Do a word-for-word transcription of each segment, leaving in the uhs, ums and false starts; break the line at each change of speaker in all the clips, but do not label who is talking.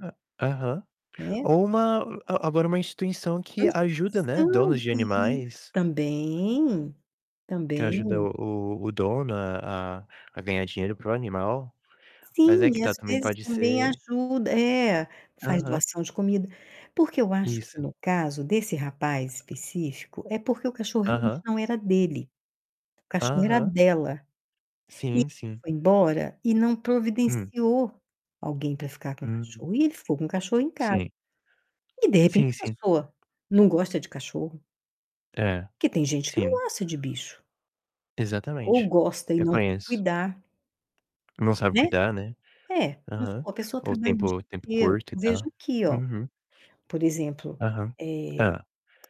Hã, aham.
Né.
Ou uma a agora uma instituição
[unintelligible]
que ajuda, né,
judiação
donos de
[unintelligible]
animais.
também.
Que ajuda
Também.
o o o dono a a a ganhar dinheiro para o animal, mas
Sim,
é que
às
tá também
vezes
pode
também
ser
ajuda é, faz
aham.
doação de comida. Porque eu acho que
Isso.
no caso desse rapaz específico, é porque o cachorro
Aham.
não era dele, o cachorro era
Aham.
dela. E
Sim,
ela
sim.
foi embora e não
Hum.
providenciou alguém para ficar com o
Uhum.
cachorro, e ele ficou com o cachorro em casa.
Sim.
E de repente
Sim,
a
sim.
pessoa não gosta de cachorro.
É,
Que tem gente que não
sim.
gosta de bicho. Ou
Exatamente,
gosta e
eu
não quer
conheço.
cuidar.
Não sabe
Né.
cuidar, né.
É, vamos
Aham,
supor a pessoa
ou
trabalha o dia
tempo, tempo
inteiro,
curto e
eu vejo
tal.
aqui, ó.
Aham.
Por exemplo,
Aham,
eh,
é.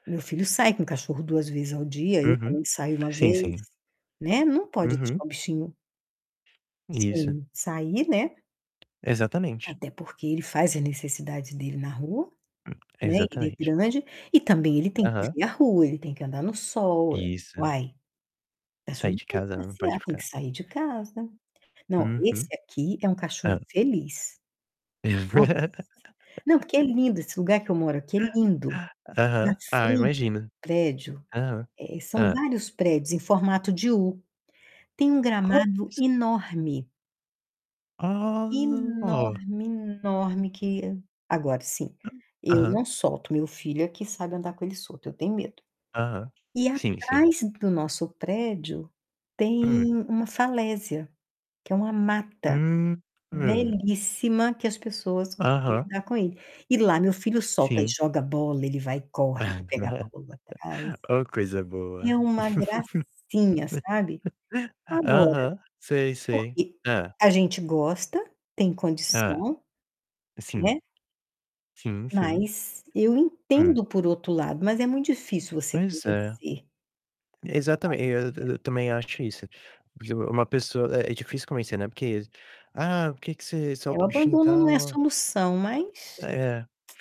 meu filho sai com cachorro duas vezes ao dia, eu
Aham,
também saio uma
sim,
vez,
sim.
né. Não pode
Uhum.
deixar o bichinho
Isso.
sem sair, né.
Exatamente.
Até porque ele faz a necessidades dele na rua, né, ele é
Exatamente.
grande, e também ele tem que ir
Aham.
ver a rua, ele tem que andar no sol, ué.
Isso.
Uai.
Saí de
[unintelligible]
casa, ela não pode
passear, tem que
ficar.
sair de casa. Não, esse
Aham.
aqui é um cachorro
É.
feliz. Nossa. Não, porque é lindo, esse lugar que eu moro aqui é lindo. Na
Aham, ah,
frente do
imagina.
prédio,
Aham,
eh, são
hã.
vários prédios em formato de u. Tem um gramado
[unintelligible]
enorme.
Ó.
Enorme, enorme que, agora sim, eu
Aham.
não solto, meu filho aqui sabe andar com ele solto, eu tenho medo.
Aham.
E
Sim sim.
atrás do nosso prédio,
Hã.
tem uma falésia, que é uma mata,
Ah, [unintelligible]
belíssima que as pessoas costumam
Aham.
brincar com ele. E lá meu filho solta e
Sim.
joga bola, ele vai e corre para pegar a bola atrás.
Ô coisa boa.
É uma gracinha sabe? Agora,
Aham, sei sei.
porque,
Hã.
a gente gosta, tem
Hã.
condição.
Sim,
Né.
sim, sim.
Mas eu
Hum.
entendo por outro lado mas é muito difícil você
Mas é
convencer. Ah,
exatamen eu
e é.
eu também acho isso, porque uma pessoa é difícil convencer, né, porque, "Ah, por que que você
É o
solta o bichinho e
abandono não é
tal?".
solução,
Ah,
mas
é,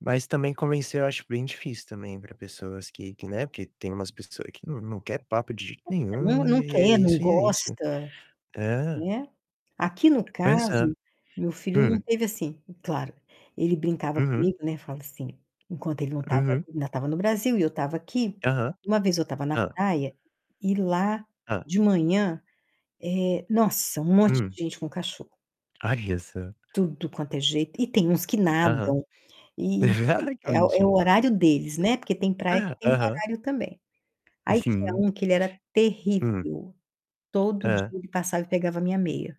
mas também convencer eu acho bem difícil também para pessoas que que, né, porque tem umas pessoa que não não quer papo de jeito nenhum
Não, ninguém
e e é
quer, não
isso e é isso.
gosta,
É.
né. Aqui no
Pois é,
caso, meu filho não
hum.
teve assim, claro, ele brincava
Uhum.
comigo, né, fala assim, enquanto ele não estava,
Uhum.
ainda estava no Brasil e eu estava aqui,
Aham,
uma vez eu estava na
hã.
praia, e lá,
Hã.
de manhã, nossa, um monte
Hum.
de gente com cachorro.
Olha só.
Tudo quanto é jeito, e tem uns que
Aham,
nadam, e,
ai que
é o é o
bonitinho.
horário deles, né, porque tem praia que
Hã,
tem
aham.
horário também.
E
Aí tinha
sim.
um que ele era
Hum.
terrível, todo dia
É.
ele passava pegava a minha meia.